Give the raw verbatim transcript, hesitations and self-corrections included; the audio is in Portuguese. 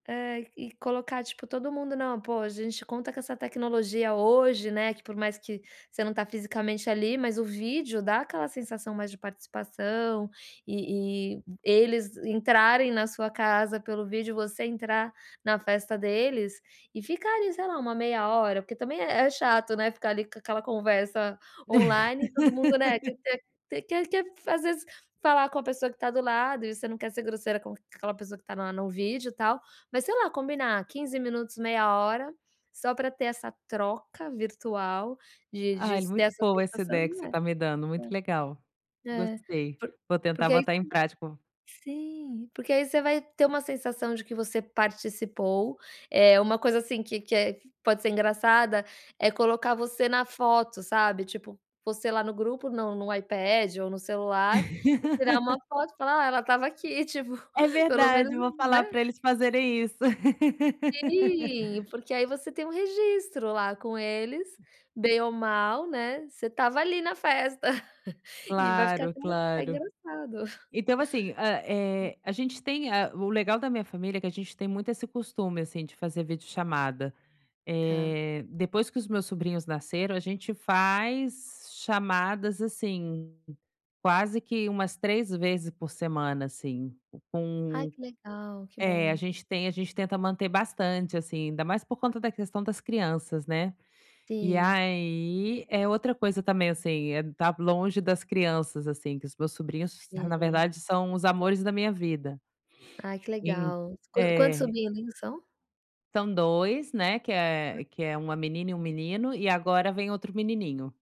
Eh, e colocar, tipo, todo mundo. Não, pô, a gente conta com essa tecnologia hoje, né, que por mais que você não tá fisicamente ali, mas o vídeo dá aquela sensação mais de participação e e eles entrarem na sua casa pelo vídeo, você entrar na festa deles e ficar ali, sei lá, uma meia hora, porque também é é chato, né, ficar, ali, com aquela conversa online e todo mundo, né, quer ter quer quer às vezes falar com a pessoa que tá do lado e você não quer ser grosseira com aquela pessoa que tá na no vídeo, tal, mas sei lá, combinar quinze minutos, meia hora, só pra ter essa troca virtual, de de Ai, s ter muito essa boa essa sensação, ideia que você né tá me dando, muito legal, é. É, gostei, por vou tentar porque aí botar em você prática v sim. Porque aí você vai ter uma sensação de que você participou, eh, uma coisa, assim, que que é pode ser engraçada é colocar você na foto, sabe, tipo, você lá no grupo no no iPad ou no celular, e tirar uma foto e falar: "Ah, ela estava aqui", tipo, É pelo menos, verdade, vou né. falar pra eles fazerem isso. Sim, porque aí você tem um registro lá com eles, bem ou mal, né, você estava ali na festa e vai ficar Claro, até até claro. engraçado. Então assim, hã, eh, a gente tem a o legal da minha família é que a gente tem muito esse costume, assim, de fazer videochamada. Tá. Eh, depois que os meus sobrinhos nasceram, a gente faz chamadas, assim, quase que umas três vezes por semana, assim, Ai, com que legal, que eh, a bom. gente tem a gente tenta manter bastante, assim, ainda mais por conta da questão das crianças, né. E Sim. aí eh, outra coisa também, assim, eh, tá longe das crianças, assim, que os meus sobrinhos s na Sim. verdade são os amores da minha vida. Ai, que En legal. Qua quantos é. sobrinhos são? São dois, né, que é que é uma menina e um menino, e agora vem outro menininho.